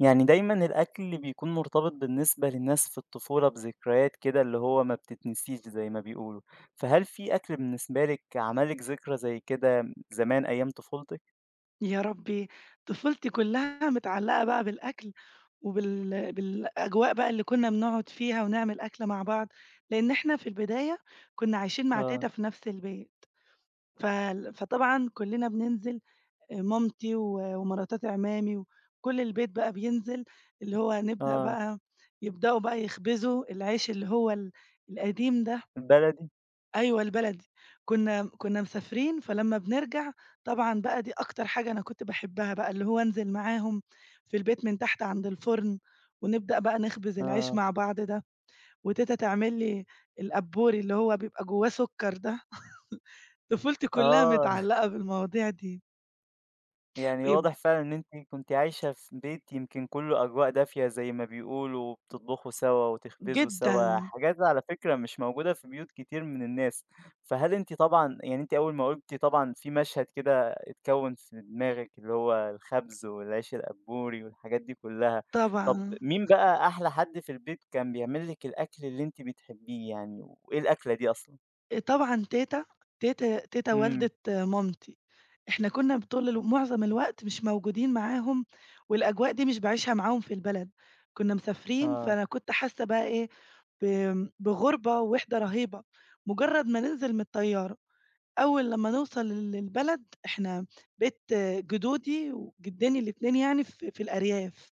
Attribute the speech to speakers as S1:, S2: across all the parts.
S1: يعني دايمًا الأكل بيكون مرتبط بالنسبة للناس في الطفولة بذكريات كده اللي هو ما بتتنسيش زي ما بيقولوا، فهل في أكل بالنسبة لِك عمل لِك ذكرى زي كده م زمان أيام طفولتِك؟
S2: يا ربي، طفولتي كلّها متعلقة بقى بالأكل وبال بالأجواء بقى اللي كنّا بنقعد فيها ونعمل أكل مع بعض، لأن إحنا في البداية كنّا عايشين مع
S1: آه.
S2: تيتا في نَفْس البيت. فال فطبعًا كلّنا بننزل أ مامتي و ومراتات إ عمّامي وكل البيت بقى بينزل اللي هو هنبدأ
S1: آه.
S2: بقى، يبدأوا بقى يخبزوا العيش اللي هو ال القديم ده.
S1: البلدي؟
S2: أيوَه البلدي كنّا م كنّا مسافرين فلمّا بنرجَع طبعًا بقى دي أكتر حاجة أنا كنت باحبها بقى اللي هو أنزِل معاهم في البيت من تحت عَند الفرن. ونبدأ بقى نخبز العيش
S1: آه.
S2: مع بعض ده. وتيتا تعمل لي القبّوري اللي هو بيبقى جواه سكر ده. طفولتي كلّها
S1: آه.
S2: متعلقة بالمواضيع دي.
S1: يعني
S2: ويب
S1: واضح فعلًا إن أنتِ كنتِ عايشة في بيت يمكن كلّه أجواء دافية زي ما بيقولوا وبتطبخوا سوا وتخبزوا سوا،
S2: جدًا.
S1: الحاجات دي على فكرة مش موجودة في بيوت كتير من الناس. فهل أنتِ طبعًا يعني أنتِ أول ما قُلتِ طبعًا في مشهد كده اتكوّن في دماغِك اللي هو الخَبز والعيش القبّوري والحاجات دي كلّها، طَب
S2: طبعًا.
S1: مين بقى أحلى حد في البيت كان بيعمل لِك الأكل اللي أنتِ بتحبيه يعني، وإيه الأكلة دي أصلًا؟
S2: آآ طبعًا تيتة تيت تيتة
S1: إمم.
S2: والدة مامتي. إحنا كنا بطول ال معظم الوقت مش موجودين معاهم والأجواء دي مش باعيشها معاهم في البلد، كنا مسافرين
S1: آه.
S2: فأنا كنت حاسة بقى إيه ب بغربة ووحِدة رهيبة، مجرد ما ننزل من الطيارة، أول لمّا نوصل للبلد إحنا بيت جدودي وجدّيني الاتنين يعني في في الأرياف،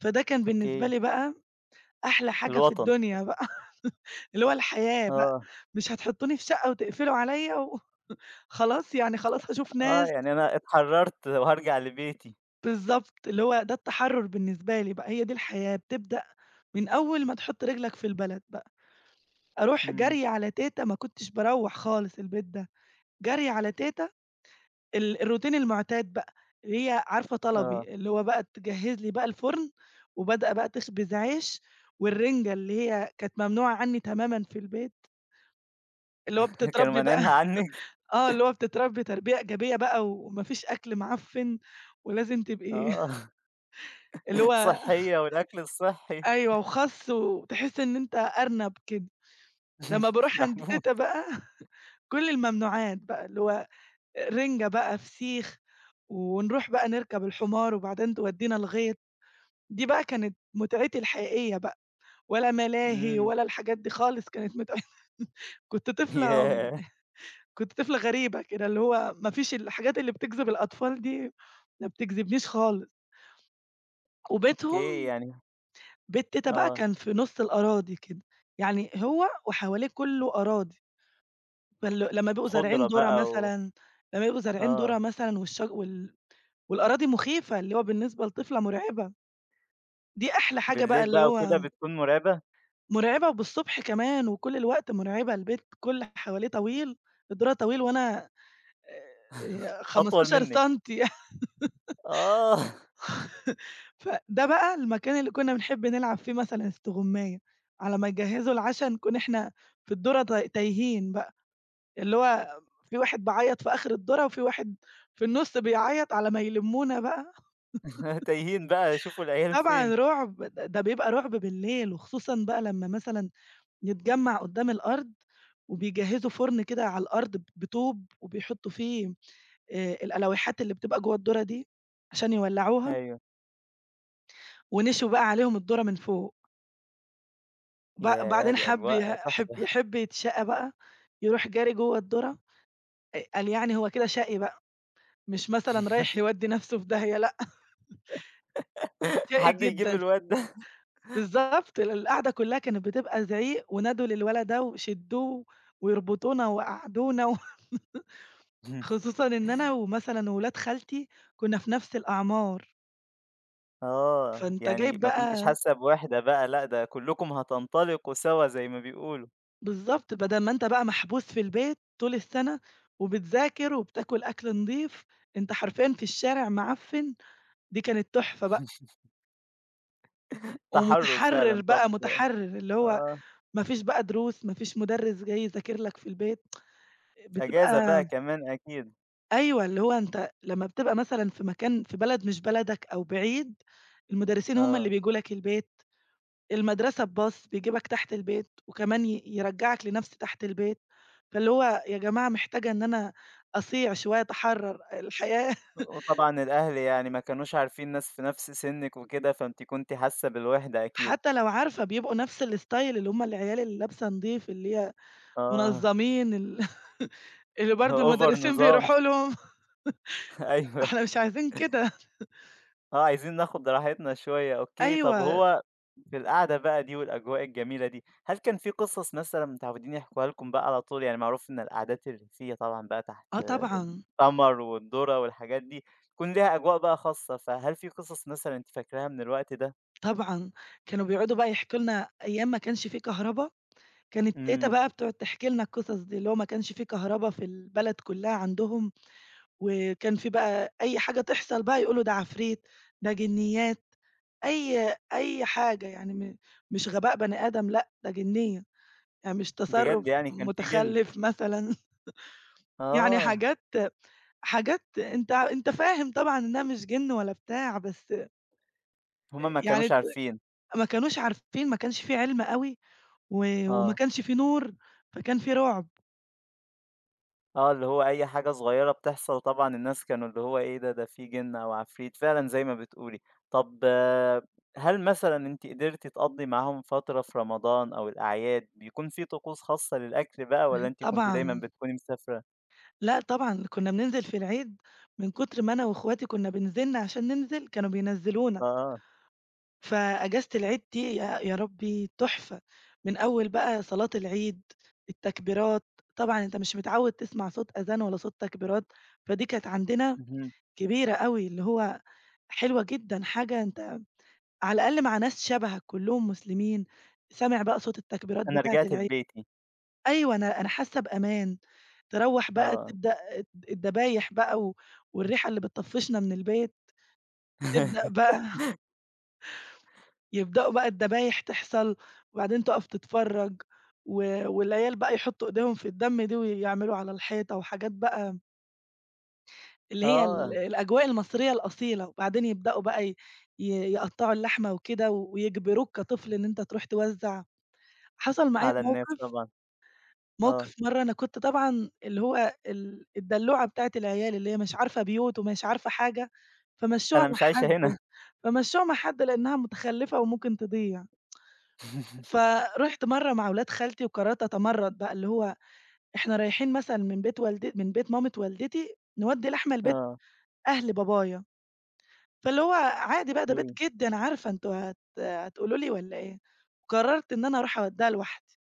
S2: فده كان بالنسبة
S1: أوكي.
S2: لي بقى أحلى حاجة في
S1: الوطن.
S2: الدنيا بقى، اللي هو الحياة بقى،
S1: آه.
S2: مش هتحطوني في شقة وتقفلوا عليّا و خلاص يعني خلاص هاشوف
S1: آه
S2: ناس.
S1: يعني أنا اتحرّرت وهارجع لبيتي.
S2: بالضبط، اللي هو ده التحرر بالنسبة لي بقى هي دي الحياة، بتبدأ من أول ما تحط رجلك في البلد بقى. أروح
S1: إمم.
S2: جري على تيتة ما كنتش باروّح خالص البيت ده. جري على تيتة ال الروتين المعتاد بقى، اللي هي عارفة
S1: آه.
S2: طلبي، اللي هو بقى تجهّز لي بقى الفرن، وبادئة بقى تخبز عيش، والرنجة اللي هي كانت ممنوعة عني تمامًا في البيت. اللي هو
S1: كانوا
S2: بتتربّي بقى
S1: مانعينها عنِك؟
S2: آه، اللي هو بتتربّي تربية إيجابية بقى، وما فيش أكل معفن ولازم تبقي
S1: آه.
S2: اللي هو
S1: صحية والأكل الصحّي.
S2: أيوه، وخس وتحس إن أنت أرنب كده. لمّا باروح عند
S1: محبوس.
S2: تيتة بقى كل الممنوعات بقى اللي هو رِنجة بقى، فسيخ، ونروح بقى نركب الحمار وبعدين تودينا الغيط، دي بقى كانت متعتي الحقيقية بقى، ولا ملاهي
S1: إمم.
S2: ولا الحاجات دي خالص كانت متع كنت طفلة
S1: ياه!
S2: كنت طفلة غريبة كده، اللي هو ما فيش الحاجات اللي بتجذب الأطفال دي، ما بتجذبنيش خالص. وبيتهم،
S1: أوكي يعني
S2: بيت تيتة بقى
S1: آه.
S2: كان في نص الأراضي كده، يعني هو وحواليه كلّه أراضي. فال لمّا بيبقوا زارعين
S1: خضرة
S2: دُره
S1: بقى و
S2: مثلًا، لما بيبقوا زارعين دُره
S1: آه.
S2: مثلًا والشج وال والأراضي مخيفة اللي هو بالنسبة لطفلة مرعبة، دي أحلى حاجة بقى
S1: بالليل
S2: اللي
S1: بقى
S2: هو
S1: وكده بتكون مرعبة؟
S2: مرعبة وبالصبح كمان وكل الوقت مرعبة البيت كل اللي حواليه طويل، الدُرة طويل وأنا آآ،
S1: أطول
S2: 15
S1: منِك.
S2: سنتي
S1: آه.
S2: فده بقى المكان اللي كنا بنحب نلعب فيه مثلًا استغماية، على ما يجهزوا العشا نكون إحنا في الدُرة ت تايهين بقى، اللي هو في واحد بيعيط في آخر الدُرة وفي واحد في النص بيعيط على ما يلمونا بقى.
S1: تايهين بقى شوفوا العيال فين.
S2: طبعًا رعب ده بيبقى رعب بالليل، وخصوصًا بقى لمّا مثلًا نتجمّع قدام الأرض وبيجهزوا فرن كده على الأرض بطوب وبيحطوا فيه آآ الألويحات اللي بتبقى جوا الدُرة دي عشان يولّعوها.
S1: أيوه.
S2: ونشوي بقى عليهم الدُرة من فوق. ب
S1: ياه!
S2: بعدين
S1: دي
S2: حَب ي
S1: أجواء تُحفة.
S2: حَب يحِب يتشاقى بقى يرُوح جاري جوّه الدُرة آآ، قال يعني هو كده شقي بقى. مش مثلًا رايح يودّي نَفسه في داهية، لأ شقى
S1: حد يجيب
S2: جدًا.
S1: الواد ده
S2: بالضبط، ال القعدة كلّها كانت بتبقى زعيق ونادوا للولد ده وشدّوه ويربُطونا ويقعّدونا و خصوصًا إن أنا ومثلًا ولاد خالتي كنا في نَفس الأعمار.
S1: آه،
S2: فأنت جايب
S1: يعني ما كنتيش
S2: بقى
S1: حاسّة بوِحدة بقى، لأ ده كلّكم هتنطلقوا سوا زي ما بيقولوا.
S2: بالضبط، بدَل ما أنت بقى محبوس في البيت طُول السَّنَة، وبتذاكر وبتاكل أكْل نضيف، أنت حرفيًا في الشارع معفِّن، دي كانت تُحفة بقى.
S1: تحرُّر
S2: ومُتحرّر
S1: فعلًا،
S2: بقى،
S1: طَب
S2: مُتحرّراللي هو
S1: آه.
S2: ما فيش بقى دروس، ما فيش مُدرِّس جاي يذاكر لك في البيت
S1: أجازة بقى
S2: بتبقى
S1: كمان أكيد.
S2: أيوه، اللي هو أنت لمّا بتبقى مثلًا في مكان في بلد مش بلدك أو بعيد، المُدرِّسين هُم اللي
S1: آه.
S2: بييجوا لك البيت. المدرَسة بباص يجيبك تحت البيت وكمان ي يرجّعك لنَفس تحت البيت. فاللي هو يا جماعة محتاجة إن أنا أصِيع شوية، أتحرّر، الحياة
S1: وطبعًا الأهل يعني ما كانوش عارفين ناس في نَفس سِنِّك وكده، فأنتِ كنتِ حاسّة بالوِحدة أكيد.
S2: حتى لوعارفة بيبقوا نفس الStyle اللي هُم العيال اللي لابسه نضيف، اللي هي
S1: آه.
S2: منظَّمين ال اللي برضه
S1: Over
S2: المُدرِّسين
S1: نظام.
S2: بيرُوحوا لهم
S1: أيوه.
S2: إحنا مش عايزين كده.
S1: آه، عايزين ناخد راحتنا شوية أوكي، طَب
S2: أيوه.
S1: وهو في القعدة بقى دي والأجواء الجميلة دي، هل كان في قِصص مثلًا متعوّدين يحكُوها لكم بقى على طول؟ يعني معروف إن القعدات الريفيّة طبعًا بقى تحت
S2: آه، طبعًا.
S1: القمر والدُرة والحاجات دي، يكون ليها أجواء بقى خاصة، فهل في قِصص مثلًا أنتِ فاكرها من الوقت ده؟
S2: طبعًا. كانوا بيقعُدوا بقى يحكُوا لنا أيام ما كانش في كهربا. كانت تيتة
S1: إمم.
S2: بقى بتقعُد تحكي لنا القِصص دي. اللي هو ما كانش في كهربا في البلد كلّها عندهم وكان في بقى أي حاجة تحصَل بقى، يقولوا ده عفريت، ده جِنيّات. أي أي حاجة يعني م مش غباء بني آدم، لأ، ده جِنيّة، آآ مش تصرُّف
S1: بجد يعني كان في جِن.
S2: مُتخلِّف مثلًا يعني
S1: آه.
S2: حاجات حاجات أنت أنت فاهم طبعًا إنها مش جِن ولا بتاع، بس آآ
S1: هُم ما
S2: يعني
S1: كانوش
S2: ت
S1: عارفين.
S2: ما كانوش عارفين، ما كانش في عِلم أوي و وما
S1: آه.
S2: كانش في نور، فكان في رُعب.
S1: آه، اللي هو أي حاجة صغيّرة بتحصل طبعًا الناس كانوا اللي هو إيه ده! ده في جن أوعفريت. فعلًا زي ما بتقولي، طَب هل مثلًا أنتِ قدرتِ تقضّي معاهم فترة في رمضان أو الأعياد بيكون في طقوس خاصة للأكل بقى والّا
S2: اهم،
S1: أنتِ كنتِ دايمًا
S2: طبعًا.
S1: بتكوني مسافرة؟
S2: لأ طبعًا، كنا بننزل في العيد من كتر ما أنا وأخواتي كنا بنزِن عشان ننزل كانوا بينزّلونا.
S1: آه.
S2: فأجازة العيد دي يا يا ربي تحفة، من أول بقى صلاة العيد، التكبيرات، طبعًا أنت مش متعود تسمع صوت آذان ولا صوت تكبيرات فدي كانت عندنا
S1: اهم.
S2: كبيرة أوي اللي هو حلوة جدًا، حاجة أنت على الأقل مع ناس شبهك كلهم مسلمين، سامع بقى صوت التكبيرات
S1: أنا
S2: بتاعة
S1: رجعت
S2: العيد.
S1: لبيتي.
S2: أيوه أنا أنا حاسة بأمان. تروّح بقى
S1: آه.
S2: تبدأ الد الدبايح بقى و والريحة اللي بتطفِّشنا من البيت تبدأ بقى. يبدأوا بقى الدبايح تحصل وبعدين تقف تتفرج و والعيال بقى يحطوا ايديهم في الدم دي ويعملوا على الحيطة وحاجات بقى اللي هي ال
S1: آه.
S2: الأجواء المصرية الأصيلة، وبعدين يبدؤوا بقى ي يقطعوا اللحمة وكده ويجبروك كطفل إن أنت تروح توزع، حصل معايا
S1: على الناس
S2: موقف
S1: طبعًا، آه.
S2: موقف مرّة أنا كنت طبعًا اللي هو ال الدلوعة بتاعة العيال اللي هي مش عارفة بيوت ومش عارفة حاجة، فمَشوها
S1: أنا
S2: مع
S1: مش عايشة
S2: حد
S1: هنا.
S2: فمَشوها مع حد لأنها متخلفة وممكن تضيع فرُحت مرّة مع ولاد خالتي وقررت أتمرّد بقى، اللي هو إحنا رايحين مثلًا من بيت والدت من بيت مامت والدتي نوّدي لحمة لبيت
S1: آه.
S2: أهل بابايا، فاللي هو عادي بقى ده بيت
S1: إمم.
S2: جدي أنا عارفة أنتم هت هتقولوا لي والّا إيه؟ قررت إن أنا أروح أودّيها لوحدي،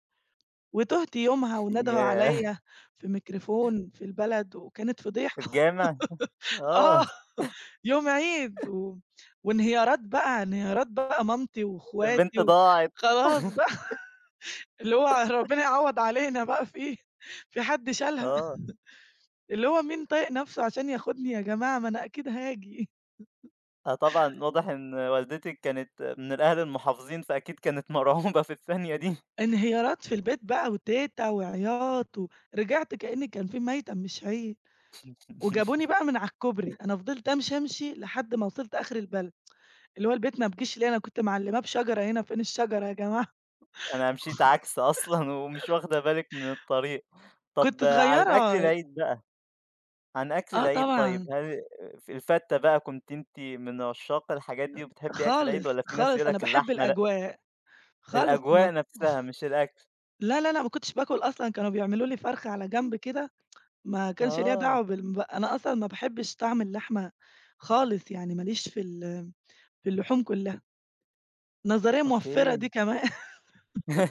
S2: وتُهت يومها وندهوا
S1: ياه!
S2: عليَّ في ميكروفون في البلد وكانت فضيحة
S1: الجامع؟
S2: آه،
S1: آه.
S2: يوم عيد و وانهيارات بقى انهيارات بقى مامتي واخواتي،
S1: البنت ضاعت.
S2: وخلاص بقى اللي هو ربنا يعوض علينا بقى في في حد شالها
S1: آه.
S2: اللي هو مين طايق نفسه عشان ياخدني يا جماعة ما أنا أكيد هاجي.
S1: آه طبعًا، واضح إن والدتِك كانت من الأهل المحافظين، فأكيد كانت مرعوبة في الثانية دي.
S2: انهيارات في البيت بقى وتيتة وعيّاط، ورجعت كأن كان في مَيّتم مش عيد وجابوني بقى من على الكُبري أنا فضلت أمشي، أمشي لحد ما وصلت آخر البلد، اللي هو البيت ما بيجيش ليه أنا كنت معلّماة بشجرة هنا فين الشجرة يا جماعة
S1: أنا مشيت عكس أصلًا ومش واخدة بالِك من الطريق.
S2: كنت
S1: طَب عن الأكل
S2: صغيرة
S1: العيد بقى، عن أكل
S2: آه
S1: العيد طيّب
S2: طبعًا
S1: هل ف الفتّة بقى كنتِ أنتِ من عشّاق الحاجات دي، وبتحبي أكل
S2: خالص،
S1: العيد والّا في ناس
S2: خالص
S1: بيقولوا
S2: أنا
S1: لَك
S2: باحب
S1: اللحمة لأ؟
S2: الأجواء خالص م
S1: الأجواء نفسها مش الأكل.
S2: لا، لا، لا، ما كنتش باكل أصلًا، كانوا بيعملوا لي فرخة على جنب كده ما كانش ليّا
S1: آه.
S2: دعوة بال ب أنا أصلًا ما باحبش طعم اللحمة خالص يعني ما ليش في ال في اللحوم كلّها. نظرية موّفرة دي
S1: أوكي.
S2: كمان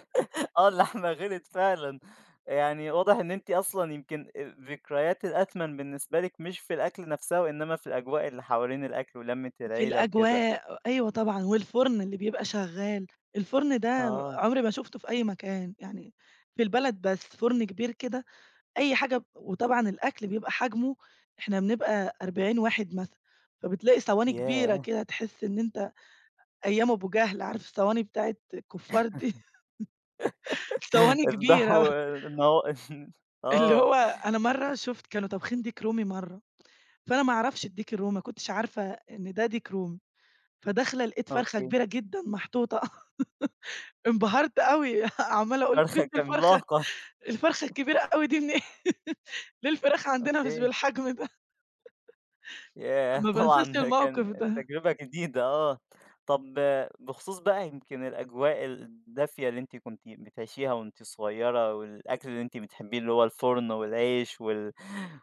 S1: آه اللحمة غليّت فعلًا. يعني واضح إن أنتِ أصلًا يمكن الذكريات الأثمن بالنسبة لِك مش في الأكلة نفسها وإنما في الأجواء اللي حوالين الأكل ولمّة
S2: في
S1: العيلة وكده
S2: الأجواء، أيوه طبعًا والفرن اللي بيبقى شغّال، الفرن ده
S1: آه.
S2: عمري ما شُفته في أي مكان، يعني في البلد بس فرن كبير كده أي حاجة ب وطبعًا الأكل بيبقى حجمه إحنا بنبقى 40 واحد مثلًا، فبتلاقي صواني كبيرة
S1: ياه!
S2: كده تحسّ إن أنت أيام أبو جهل عارف الصواني بتاعة الكفّار دي، صواني كبيرة.
S1: افضحوا النها
S2: اللي
S1: آه.
S2: هو أنا مرّة شُفت كانوا طابخين ديك رومي مرّة، فأنا ما أعرفش الديك الرومي ما كنتش عارفة إن ده ديك رومي، فداخلة لقِيت فرخة
S1: أوكي.
S2: كبيرة جدًا محطوطة إنبهرت أوي عمّالة أقول أنتم
S1: فرخة
S2: جيبتوا الفرخة
S1: عملاقة.
S2: الفرخة الكبيرة أوي دي منين؟ ليه الفراخ عندنا مش
S1: أوكي
S2: بالحجم ده؟
S1: ياه!
S2: ما بانساش
S1: طبعًا ده
S2: الموقف
S1: كان
S2: ده.
S1: تجربة جديدة آه. طَب بخصوص بقى يمكن الأجواء الدافية اللي أنتِ كنتِ بتعيشيها وأنتِ صغيّرة، والأكل اللي أنتِ بتحبيه اللي هو الفرن والعيش وال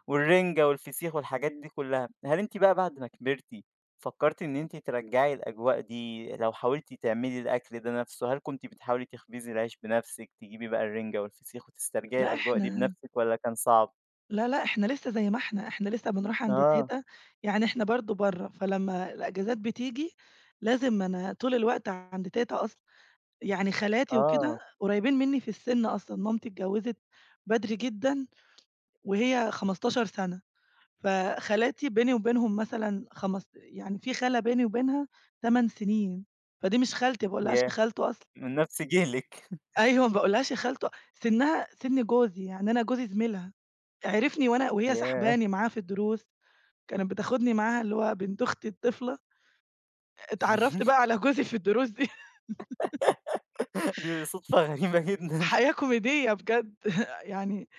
S1: والرِنجة والفسيخ والحاجات دي كلّها، هل أنتِ بقى بعد ما كبرتي، فكرتِ إن أنتِ ترجَّعي الأجواء دي لو حاولتِ تعملي الأكل ده نفسه، هل كنتِ بتحاولي تخبزّي العيش بنفسِك، تجيبي بقى الرنجة والفسيخ وتسترجعي
S2: لأ
S1: الأجواء دي
S2: إحنا
S1: بنفسِك والّا كان صعب؟
S2: لا لأ، إحنا لسّه زي ما إحنا. إحنا لسّه بنروح عند
S1: آه.
S2: تيتة يعني إحنا برضه برّا فلمّا الأجازات بتيجي لازم أنا طول الوقت عند تيتة أصلًا، يعني خالاتي وكده
S1: آه.
S2: قريبين مني في السن أصلًا، مامتي اتجوزت بدري جدًا وهي 15 سنة فخالاتي بيني وبينهم مثلًا خمست يعني في خالة بيني وبينها 8 سنين، فدي مش خالتي ما باقولهاش يا
S1: ياه!
S2: خالتو أصلًا.
S1: من نفْس جيلِك.
S2: أيوه، ما باقولهاش يا خالتو سِنّها سِن جوزي يعني أنا جوزي زميلها، عِرفني وأنا وهي
S1: ياه!
S2: ساحباني معاها في الدروس كانت بتاخدني معاها اللي هو بنت أختي الطِفلة. اتعرّفت بقى على جوزي في الدروس دي.
S1: دي صدفة غريبة جدًا.
S2: حياة كوميدية بجد يعني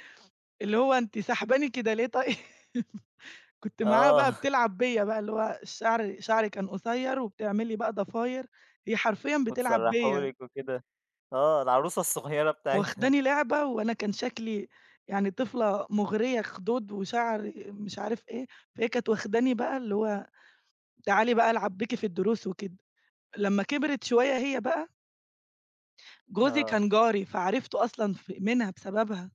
S2: اللي هو أنتِ ساحباني كده ليه طيب؟ كنت معاها بقى
S1: آه.
S2: بتلعب بيّا بقى اللي هو شعري شعري كان قصير وبتعمل لي بقى ضفاير هي حرفيًا بتلعب
S1: وتسرّحه
S2: بيّا.
S1: لِك وكده. آه، العروسة الصغيّرة بتاعتها.
S2: واخداني لعبة وأنا كان شكلي يعني طِفلة مُغريّة، خدود وشعر مش عارف إيه فهي كانت واخداني بقى اللي هو تعالِي بقى العب بيكِ في الدروس وكده. لمّا كبرت شوية هي بقى جوزي
S1: آه.
S2: كان جاري، فعرِفته أصلًا في منها بسببها.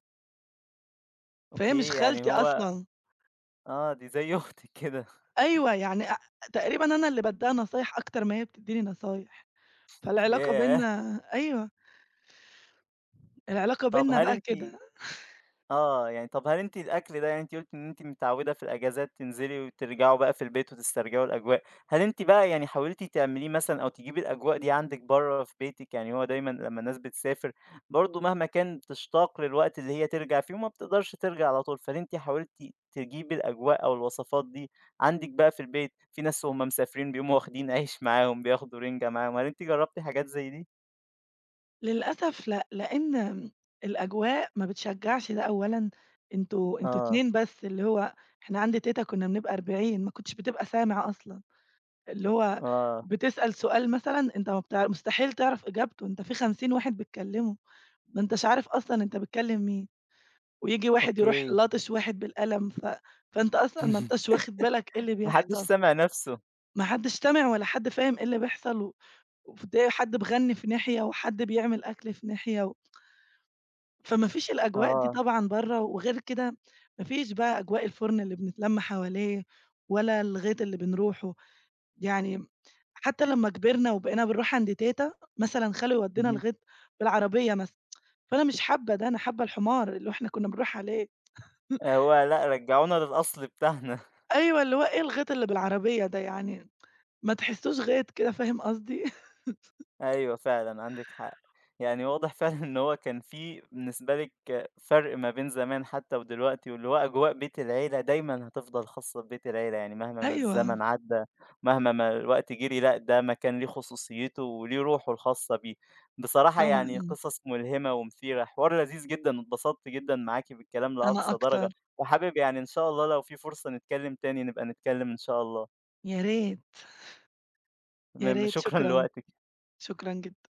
S2: فهي مش
S1: أوكي، يعني
S2: خالتي
S1: هو
S2: أصلًا.
S1: آه، دي زي أختِك كده.
S2: أيوه يعني أ أ تقريبًا أنا اللي بادّيها نصايح أكتر ما هي بتدّيني نصايح. فالعلاقة
S1: ياه!
S2: بيننا أيوه. العلاقة
S1: طَب
S2: بيننا
S1: هل
S2: بقى
S1: أنتِ
S2: كده.
S1: آه، يعني طَب هل أنتِ الأكل ده يعني أنتِ قُلتِ إن أنتِ متعوّدة في الإجازات تنزِلي وترجَعوا بقى في البيت وتسترجِعوا الأجواء، هل أنتِ بقى يعني حاولتِ تعمليه مثلًا أو تجيبي الأجواء دي عندِك برّه في بيتِك، يعني هو دايمًا لمّا الناس بتسافر برضه مهما كان بتشتاق للوقت اللي هي ترجَع فيه وما بتقدَرش ترجَع على طول، فهل أنتِ حاولتِ تجيبي الأجواء أو الوصفات دي عندِك بقى في البيت، في ناس وهُم مسافرين بيقوموا واخدين عيش معاهم، بياخدوا رِنجة معاهم، هل أنتِ جرّبتِ حاجات زي دي؟
S2: للأسف لأ، لأن الأجواء ما بتشجّعش ده أولًا، أنتم أنتم
S1: آه.
S2: اتنين بس اللي هو إحنا عند تيتة كنا بنبقى 40 ما كنتش بتبقى سامع أصلًا، اللي هو
S1: آه.
S2: بتسأل سؤال مثلًا أنت مبتع مستحيل تعرَف إجابته، أنت في 50 واحد بيتكلّموا، ما أنتاش عارف أصلًا أنت بتكلّم مين، وييجي واحد يرُوح
S1: أوكي.
S2: لاطش واحد بالقلم ف فأنت أصلًا ما أنتاش واخِد بالك إيه اللي
S1: ما حدّش
S2: بيحصَل.
S1: سامع نَفسه.
S2: ما حدّش سامع ولا حد فاهم إيه اللي بيحصَل و وفدِيّة حد بيغنّي في ناحية وحد بيعمل أكْل في ناحية و فما فيش الأجواء دي
S1: آه.
S2: طبعًا برّه وغير كده ما فيش بقى أجواء الفُرن اللي بنتلم حواليه ولا الغيط اللي بنرُوحه. يعني حتى لمّا كبِرنا وبقينا بنرُوح عند تيتة، مثلًا خالو يودّينا
S1: اهم.
S2: الغيط بالعربية مثلًا فأنا مش حابّة ده، أنا حابّة الحمار اللي إحنا كنا بنرُوح عليه
S1: آآ هو لأ، رجّعونا للأصل بتاعنا
S2: أيوه، اللي هو إيه الغيط اللي بالعربية ده يعني، ما تحسّوش غيط كده فاهم قصدي؟
S1: أيوه فعلًا عندِك حق. يعني واضح فعلًا إن هو كان في بالنسبة لِك فرْق ما بين زمان حتى ودلوقتي واللي هو أجواء بيت العيلة دايمًا هتفضَل خاصّة ببيت العيلة، يعني مهما ما
S2: أيوه.
S1: الزمن عدّى مهما ما الوقت جرِي، لأ ده مكان ليه خصوصيّته وليه رُوحه الخاصة بيه. بصراحة يعني
S2: طبعًا.
S1: قِصص ملهِمة ومثيرة، حوار لذيذ جدًا، اتبسطت جدًا معاكِ بالكلام
S2: أنا
S1: لأقصى
S2: أكتر.
S1: درجة وحابب يعني إن شاء الله لو في فرصة نتكلّم تاني نبقى نتكلّم إن شاء الله.
S2: يا ريت. يا
S1: تمام
S2: ريت،
S1: شكرًا
S2: شكرًا.
S1: لوقتِك.
S2: شكرًا جدًا.